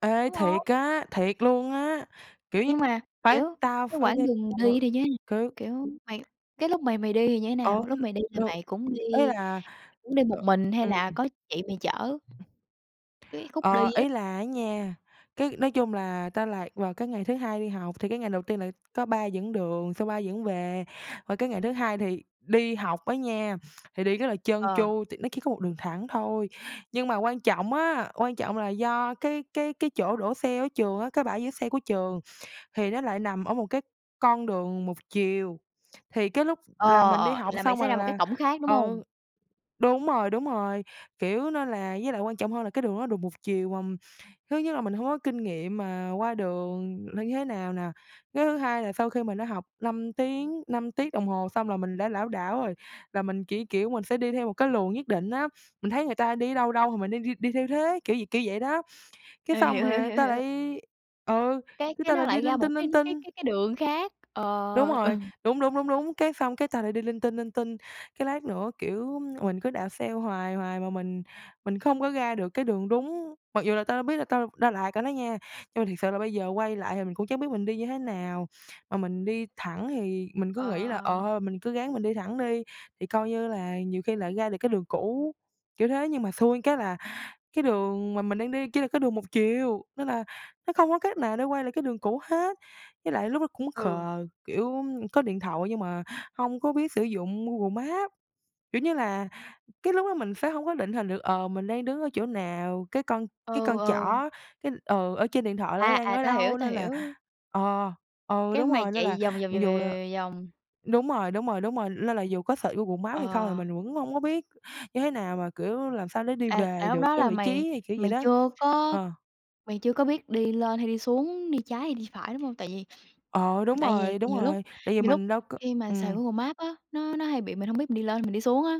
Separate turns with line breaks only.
Ê
Đúng hông?
thiệt á, thiệt luôn á, kiểu như,
Nhưng mà,
phải
kiểu,
tao
cái
phải
quãng đường đi
[unintelligible]
đi [unintelligible]
cứ
kiểu mày cái lúc mày mày đi thì như thế
Ổn
nào? Lúc mày đi thì
đâu,
mày cũng
ý
đi
là
cũng đi một
ờ,
mình hay
ừm.
là có chị mày chở? Cái khúc đi
Ờ,
á.
ý là á nha, cái nói chung là tao lạc vào cái ngày thứ hai đi học thì cái ngày đầu tiên là có ba dẫn đường, xong ba dẫn về. Qua cái ngày thứ hai thì đi học á nha, thì đi rất là trơn
Ờ.
tru tại nó chỉ có 1 đường thẳng thôi. Nhưng mà quan trọng á, quan trọng là do cái cái cái chỗ đỗ xe ở trường á, cái bãi giữ xe của trường thì nó lại nằm ở một cái con đường 1 chiều, thì cái lúc là
Ờ,
mình đi
ờ,
học
là mày
xong
sẽ ra
rồi
một cái
là,
cổng khác, đúng hông?
ừ đúng rồi, đúng rồi, kiểu, nên là với lại quan trọng hơn là cái đường đó đường 1 chiều mà thứ nhất là mình hông có kinh nghiệm mà qua đường nên như thế nào nè. Cái thứ hai là sau khi mình đã học 5 tiếng, 5 tiết đồng hồ xong là mình đã lảo đảo rồi, là mình chỉ, kiểu, mình sẽ đi theo một cái luồng nhất định á, mình thấy người ta đi ở đâu đâu thì mình đi đi đi theo thế, kiểu vậy kiểu vậy đó, cái
Ê,
sao
hiểu, hiểu,
mà
hiểu,
ta
hiểu rồi.
lại, ừ,
Cái
cái
cái
ta
nó
lại đi
lại ra
linh
một
tinh,
cái
linh
cái
tinh.
cái cái đường khác, ờ,
Đúng rồi,
ừm.
đúng, đúng, đúng, đúng, cái xong cái ta lại đi linh tinh, linh tinh, cái lát nữa, kiểu, mình cứ đạp xe hoài hoài mà mình mình không có ra được cái đường đúng, mặc dù là tao đã biết là tao đã lạc rồi đó nha, nhưng mà thiệt sự là bây giờ quay lại thì mình cũng chẳng biết mình đi như thế nào. Mà mình đi thẳng thì mình cứ
Ờ,
nghĩ là,
ờ,
ờ,
ờ.
thôi mình cứ ráng mình đi thẳng đi, thì, coi như là, nhiều khi lại ra được cái đường cũ, kiểu thế. Nhưng mà xui cái là cái đường mà mình đang đi chỉ là cái đường 1 chiều, nên là nó không có cách nào để quay lại cái đường cũ hết. Với lại lúc đó cũng
Ừ.
khờ, kiểu, có điện thoại nhưng mà hông có biết sử dụng Google Maps, kiểu như là, cái lúc đó mình sẽ không có định hình được, ờ, mình đang đứng ở chỗ nào, cái con cái
Ừ,
con
ừ.
trỏ cái ừ, ở trên điện thoại là nó
À,
đang
à,
ở
tao hiểu,
đâu
tao
nên là,
hiểu.
ờ ừ,
Cái
đúng
mày
rồi, nên là
chạy vòng, vòng, vòng,
mặc
vòng,
dù là
vòng, vòng, vòng, vòng.
đúng rồi, đúng rồi, đúng rồi, lên là dù có search Google Maps hay không thì
Ờ.
mình vẫn hông có biết như thế nào mà, kiểu, làm sao để đi
À,
về
à, lúc
được
đó
cái
là
vị
mày
trí, thì kiểu vậy
mày
đó.
chưa có
Ờ.
mày chưa có biết đi lên hay đi xuống, đi trái hay đi phải, đúng hông? Tại vì
Ờ, đúng
tại vì
rồi, đúng
nhiều lúc
rồi, tại vì
nhiều lúc
mình đâu có
khi mà xài
ừm.
Google Maps á, nó nó hay bị mình hông biết mình đi lên mình đi xuống á.